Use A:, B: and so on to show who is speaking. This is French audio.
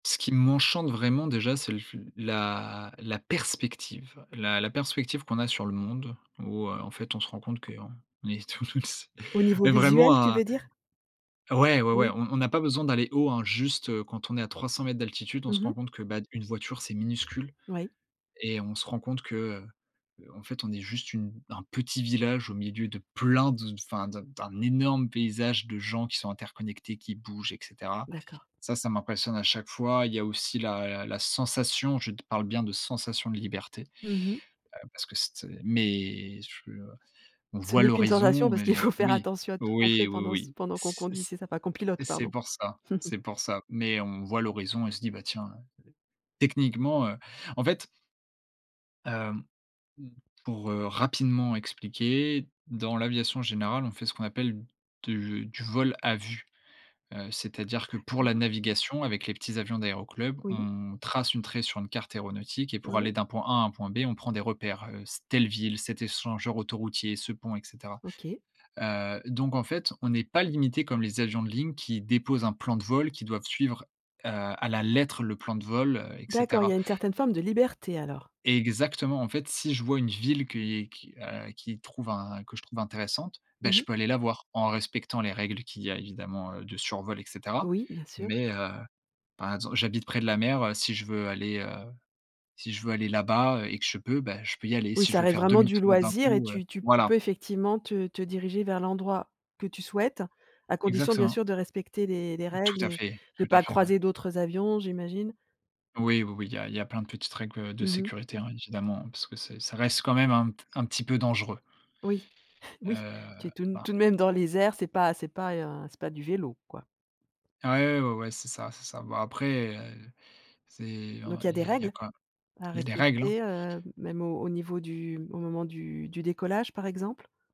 A: Ce qui m'enchante vraiment déjà, c'est le f la la perspective. La la perspective qu'on a sur le monde où, heu, en fait on se rend compte qu'on est t tous
B: Au niveau
A: Mais vraiment
B: visuel, tu
A: un
B: veux dire?
A: Ouais, ouais ouais,
B: Oui.
A: on on n'a pas besoin d'aller haut hein, juste, heu, quand on est à 300 m d'altitude, on se
B: Mmh mh.
A: rend compte que, ben, une voiture, c'est minuscule
B: Oui.
A: et on se rend compte que, heu heu, en fait, on est juste une un petit village au milieu de plein de, enfin d'un d'un énorme paysage de gens qui sont interconnectés, qui bougent, et cetera.
B: D'accord.
A: Ça, ça m'impressionne à chaque fois. Il y a aussi la la sensation. Je te parle bien de sensation de liberté,
B: Mmh mh.
A: heu, parce que c'était mais ch heu, on
B: Ce
A: voit
B: n'est qu'une sensation
A: l'horizon
B: parce
A: mais
B: qu'il faut faire
A: oui,
B: attention à tout ce qu'on
A: oui,
B: fait
A: oui,
B: pendant ce
A: oui,
B: pendant qu'on
A: c
B: conduit,
A: c
B: c'est ça? Enfin qu'on pilote
A: c'est
B: pardon.
A: pour ça c'est pour ça. Mais on voit l'horizon et se dit, bah tiens, heu, techniquement, heu, en fait hem, mmh, pour, heu, rapidement expliquer. Dans l'aviation générale, on fait ce qu'on appelle de du «vol à vue», heu, c'est-à-dire que pour la
B: D'accord.
A: navigation avec les petits avions d'aéroclubs,
B: Oui.
A: on trace une trait sur une carte aéronautique et pour
B: Ouais.
A: aller d'un point A à un point B, on prend des repères, heu, c'est telle ville, cet échangeur autoroutier, ce pont, et cetera.
B: OK.
A: Heu, donc en fait, on est pas limité comme les avions de ligne qui déposent un plan de vol, qui doivent suivre, heu, à la lettre le plan de vol, heu, et
B: D'accord, il y
A: cetera.
B: a une certaine forme de liberté alors.
A: Exactement, en fait si je vois une ville que i qui, heu, qui trouve un que je trouve intéressante, bah
B: Mmh mh.
A: je peux aller la voir en respectant les règles qu'il y a évidemment, heu, de survol, et cetera.
B: Oui, bien sûr.
A: Mais, heu, par exemple j'habite près de la mer, heu, si je veux aller, heu, si je veux aller là-bas et que je peux, bah je peux y aller
B: Oui,
A: si je
B: ça
A: veux
B: reste
A: faire
B: vraiment du
A: demi-tour d'un
B: loisir et
A: coup, heu
B: tu tu tu peux
A: voilà.
B: effectivement te te diriger vers l'endroit que tu souhaites, à condition bien
A: Exactement.
B: sûr de respecter les les
A: Tout
B: règles
A: à
B: et
A: fait,
B: de
A: tout à
B: pas
A: fait, ouais.
B: croiser d'autres, heu, avions, j'imagine?
A: Oui, oui oui, il y a il y a plein de petites règles, heu, de
B: Mmh mh.
A: sécurité hein, évidemment, parce que c'est ça reste quand même un un petit peu dangereux.
B: Oui, oui, tu
A: Heu,
B: es tout
A: pa
B: tout de même dans les airs, c'est pas c'est pas un, c'est pas du vélo quoi.
A: Ah ouais, ouais, ouais, ouais c'est ça, c'est ça. Bah après, heu, c'est en
B: Donc il y a
A: il
B: des
A: y a il y a
B: règles
A: quand
B: à
A: il y a des règles, hein.
B: respecter, heu, même au au niveau du au moment du du décollage par exemple?